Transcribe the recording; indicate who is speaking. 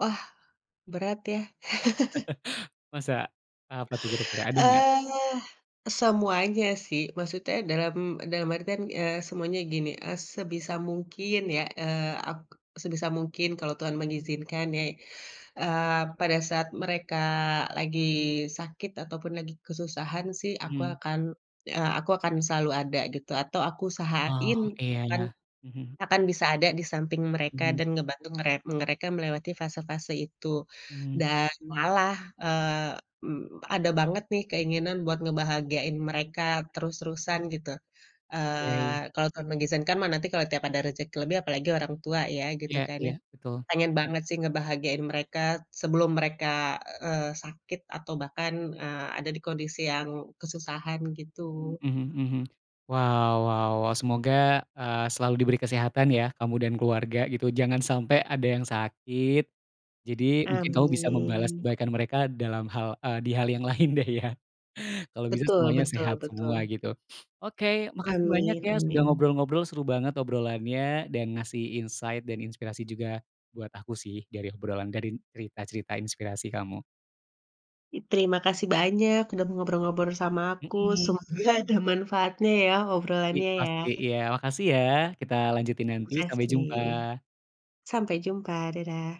Speaker 1: Wah, berat ya?
Speaker 2: Masa? Apa tuh kira-kira, ada enggak?
Speaker 1: Eee, semuanya sih, maksudnya dalam dalam artian, eee, semuanya gini, eee, sebisa mungkin ya, eee, ap sebisa mungkin kalau Tuhan mengizinkan ya, eee, pada saat mereka lagi sakit ataupun lagi kesusahan sih aku
Speaker 2: Mmm.
Speaker 1: akan eee, aku akan selalu ada gitu, atau aku
Speaker 2: Oh,
Speaker 1: usahain
Speaker 2: iya
Speaker 1: akan
Speaker 2: iya, mhm.
Speaker 1: akan bisa ada di samping mereka
Speaker 2: Mhm.
Speaker 1: dan ngebantu mere mereka melewati fase-fase itu,
Speaker 2: Mhm.
Speaker 1: dan malah, eee, mmm, ada banget nih keinginan buat ngebahagiain mereka terus-terusan gitu,
Speaker 2: Oke.
Speaker 1: eee, kalau Tuhan mengizinkan mah nanti kalau tiap ada rezeki lebih apalagi orang tua ya, gitu
Speaker 2: Iya
Speaker 1: kan
Speaker 2: iya,
Speaker 1: ya.
Speaker 2: betul,
Speaker 1: Pengen
Speaker 2: mmm.
Speaker 1: banget sih ngebahagiain mereka sebelum mereka, eee, sakit atau bahkan, eee, ada di kondisi yang kesusahan
Speaker 2: Mmm,
Speaker 1: gitu.
Speaker 2: mhm mhm. Wah wah wah semoga, eee, selalu diberi kesehatan ya kamu dan keluarga gitu jangan sampai ada yang sakit, jadi mungkin kamu bisa membalas
Speaker 1: Amin.
Speaker 2: kebaikan mereka di dalam hal eee, di hal yang lain deh ya. Kalau bisa
Speaker 1: Betul
Speaker 2: semuanya
Speaker 1: betul
Speaker 2: sehat semua
Speaker 1: betul.
Speaker 2: gitu. Oke makasih banyak
Speaker 1: Amin
Speaker 2: ya, sudah
Speaker 1: amin.
Speaker 2: ngobrol-ngobrol, seru banget obrolannya dan ngasih insight dan inspirasi juga buat aku sih dari obrolan dari cerita-cerita inspirasi kamu.
Speaker 1: Terima kasih banyak udah ngobrol-ngobrol sama aku
Speaker 2: Mmm.
Speaker 1: semoga ada manfaatnya ya
Speaker 2: I
Speaker 1: obrolannya ya.
Speaker 2: pasti, iya makasih ya, kita lanjutin nanti, sampai jumpa!
Speaker 1: Makasih. Sampai jumpa dadah!